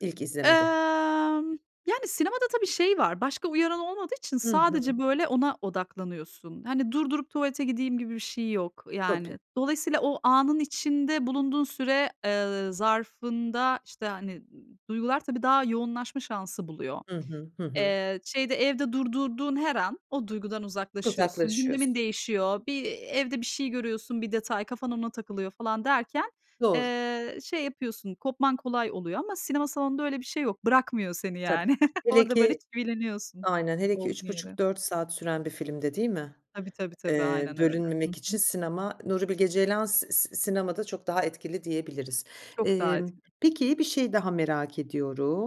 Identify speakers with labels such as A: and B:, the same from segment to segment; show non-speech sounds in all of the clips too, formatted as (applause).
A: İlk izlemede.
B: Emm, yani, sinemada tabii şey var, başka uyaran olmadığı için
A: Hı
B: sadece,
A: hı.
B: böyle, ona odaklanıyorsun. Hani, durdurup tuvalete gideyim gibi bir şey yok.
A: Tabii.
B: Yani, dolayısıyla o anın içinde bulunduğun süre, ııı, zarfında, işte, hani, duygular tabii daha yoğunlaşma şansı buluyor.
A: Hı hı. Hı hı.
B: Eee, şeyde evde durdurduğun her an o duygudan uzaklaşıyorsun,
A: Uzaklaşıyorsun.
B: gündemin değişiyor, bir, evde bir şey görüyorsun, bir detay, kafan ona takılıyor falan derken,
A: Doğru.
B: eee, şey yapıyorsun, kopman kolay oluyor ama sinema salonunda öyle bir şey yok. Bırakmıyor seni
A: Tabii.
B: yani. (chuckles)
A: Hele
B: Orada, böyle,
A: ki
B: çivileniyorsun
A: Aynen, hele ki
B: olduğun
A: üç
B: yere.
A: buçuk dört saat süren bir filmde, değil mi?
B: Tabii tabii tabii.
A: Eee,
B: Aynen öyle. Hı
A: bölünmemek için
B: hı.
A: sinema, Nuri Bilge Ceylan s s sinemada çok daha etkili diyebiliriz.
B: Çok daha
A: Emm,
B: etkili.
A: peki, bir şeyi daha merak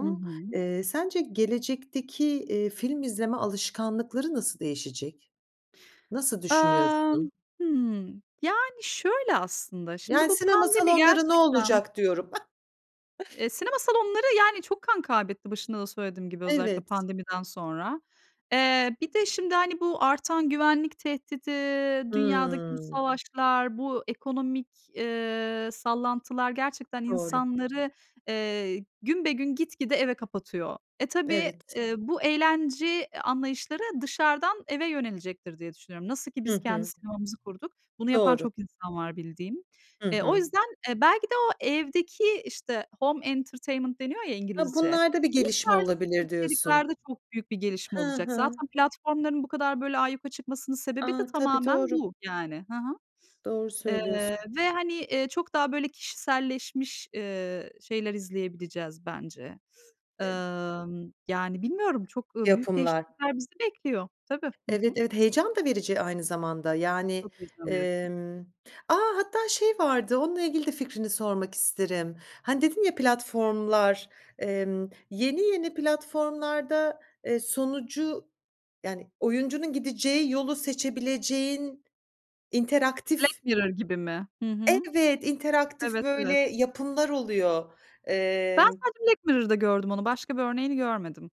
B: Hı hı.
A: Eee, sence gelecekteki, iii, film izleme alışkanlıkları nasıl değişecek? Nasıl düşünüyorsun?
B: Emm. Hımm. Yani, şöyle aslında. Şimdi
A: Yani,
B: bu
A: sinema
B: pandemi
A: salonları ne
B: gerçekten
A: olacak diyorum! (chuckles)
B: Eee, sinema salonları, yani, çok kan kaybetti başında da söylediğim gibi, özellikle
A: Evet.
B: pandemiden sonra. Eee, bir de şimdi, hani, bu artan güvenlik tehdidi, dünyadaki bu
A: Hımm.
B: savaşlar, bu ekonomik, eee, sallantılar gerçekten
A: Doğru.
B: insanları, eee, günbegün gitgide eve kapatıyor. Eee, tabii,
A: Evet.
B: ııı, bu eğlence anlayışları dışarıdan eve yönelecektir, diye düşünüyorum. Nasıl ki
A: Hı
B: biz kendi
A: hı.
B: sinemamızı kurduk, bunu yapan
A: Doğru.
B: çok insan var bildiğim.
A: Hı
B: Eee, o
A: hı.
B: yüzden, eee, belki de o evdeki, işte, home entertainment deniyor ya
A: Ha,
B: İngilizce,
A: bunlarda bir
B: bu
A: gelişme
B: tarz
A: olabilir, diyorsun.
B: içeriklerde çok büyük bir gelişme
A: Hı
B: olacak.
A: hı.
B: Zaten platformların bu kadar, böyle, ayyuka çıkmasının sebebi de
A: A! Tabii,
B: tamamen
A: doğru.
B: bu, yani. Hı hı.
A: Doğru
B: (sniffs) Eee,
A: söylüyorsun.
B: ve, hani, eee, çok daha, böyle, kişiselleşmiş, ııı, şeyler izleyebileceğiz bence.
A: (unintelligible)
B: Imm, yani, bilmiyorum, çok, ııı, büyük
A: Yapımlar.
B: değişiklikler bizi bekliyor. Tabii. Hı
A: Evet,
B: hı.
A: evet, heyecan da verici aynı zamanda, yani,
B: Çok heyecan verici.
A: emm A, hatta şey vardı, onunla ilgili de fikrini sormak isterim. Hani, dedin ya platformlar, emm, yeni yeni platformlarda, eee, sonucu, yani, oyuncunun gideceği yolu seçebileceğin
B: Black
A: interaktif
B: Mirror gibi mi? Hı hı.
A: Evet, interaktif,
B: Evet,
A: böyle,
B: evet.
A: yapımlar oluyor.
B: Ben
A: Eee
B: sadece Black Mirror'da gördüm onu, başka bir örneğini görmedim.